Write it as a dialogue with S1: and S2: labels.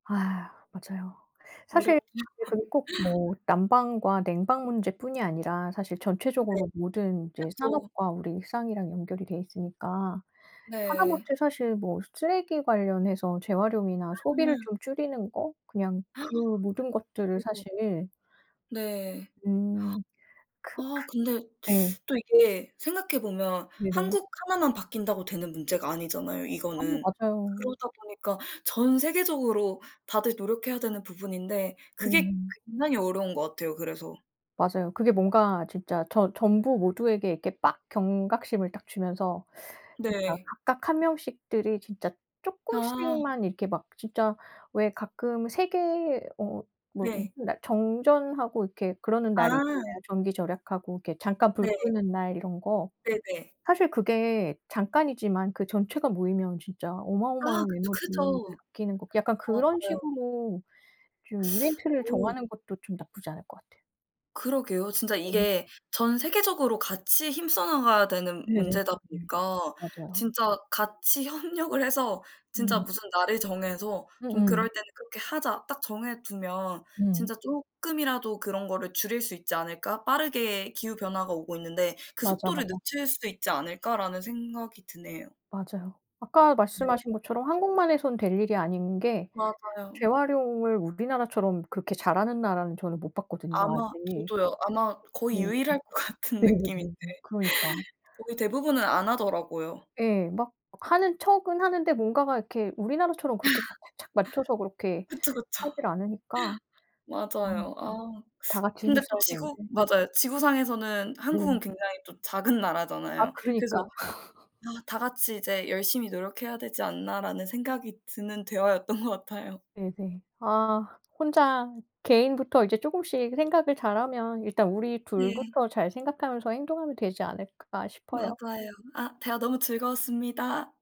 S1: 아 맞아요. 사실
S2: 어렵죠.
S1: 그게 그리고 꼭 뭐 난방과 냉방 문제뿐이 아니라 사실
S2: 네.
S1: 전체적으로 모든 이제
S2: 그쵸.
S1: 산업과 우리 일상이랑 연결이 되어 있으니까
S2: 네.
S1: 하다못해 사실 뭐 쓰레기 관련해서 재활용이나 소비를
S2: 아.
S1: 좀 줄이는 거 그냥 그 모든 것들을
S2: [unintelligible]
S1: 사실
S2: 네.
S1: 음. 크크
S2: 아 근데
S1: 예.
S2: 또 이게 생각해 보면
S1: 네네.
S2: 한국 하나만 바뀐다고 되는 문제가 아니잖아요
S1: 아
S2: 이거는.
S1: 맞아요.
S2: 그러다 보니까 전 세계적으로 다들 노력해야 되는 부분인데 그게
S1: 네.
S2: 굉장히 어려운 것 같아요, 그래서.
S1: 맞아요. 그게 뭔가 진짜 저 전부 모두에게 이렇게 빡 경각심을 딱 주면서 진짜
S2: 네.
S1: 각각 1 명씩들이 진짜
S2: 아.
S1: 쪼끔씩만 이렇게 막 진짜 왜 가끔 세계 어 뭐
S2: 네.
S1: 무슨 날 정전하고 이렇게 그러는 날이 있잖아요.
S2: 아.
S1: 전기 절약하고 이렇게 잠깐 불
S2: 네.
S1: 끄는 날 이런 거.
S2: 네네.
S1: 사실 그게 잠깐이지만 그 전체가 모이면 진짜
S2: 아
S1: 어마어마한
S2: 그쵸.
S1: 에너지를
S2: 크죠.
S1: 아끼는 거 약간
S2: 아
S1: 그런
S2: 맞아요.
S1: 식으로 좀 이벤트를
S2: 오.
S1: 정하는 것도 좀 나쁘지 않을 것 같아요.
S2: 그러게요. 진짜
S1: 네.
S2: 이게 전 세계적으로 같이 힘써나가야 되는
S1: 네네네네.
S2: 문제다 보니까
S1: 맞아요.
S2: 진짜 같이 협력을 해서 진짜
S1: 음.
S2: 무슨 날을 정해서 좀
S1: 음음.
S2: 그럴 때는 '그렇게 하자.' 딱 정해두면
S1: 음.
S2: 진짜 쪼끔이라도 그런 거를 줄일 수 있지 않을까 빠르게 기후 변화가 오고 있는데 그
S1: 맞아,
S2: 속도를
S1: 맞아.
S2: 늦출 수 있지 않을까라는 생각이 드네요.
S1: 맞아요. 아까
S2: 네.
S1: 말씀하신 것처럼 한국만 해선 될 일이 아닌 게
S2: 맞아요.
S1: 재활용을 우리나라처럼 그렇게 잘하는 나라는 저는 못 봤거든요
S2: 아마
S1: 아직.
S2: 저도요. 아마 거의
S1: 네.
S2: 유일할 것 같은 느낌인데.
S1: 네네네네. 그러니까.
S2: 거의 대부분은 안 하더라고요.
S1: 예. 막 하는 척은 하는데 뭔가가 이렇게 우리나라처럼 그렇게 막 착착 맞춰서 그렇게
S2: 그쵸, 그쵸.
S1: 하질 않으니까. 아.
S2: 맞아요. 아
S1: 다 같이 힘을
S2: 근데 또
S1: 써야
S2: 지구
S1: 되는데.
S2: 맞아요. 지구상에서는
S1: 네.
S2: 한국은 굉장히 또 작은
S1: 아
S2: 나라잖아요.
S1: 그러니까.
S2: 그래서 아 다 같이 이제 열심히 노력해야 되지 않나라는 생각이 드는 대화였던 것 같아요.
S1: 네네. 아 혼자 개인부터 이제 조금씩 생각을 잘하면 일단 우리
S2: 네.
S1: 둘부터 잘 생각하면서 행동하면 되지 않을까 싶어요.
S2: 맞아요. 아 대화 너무 즐거웠습니다.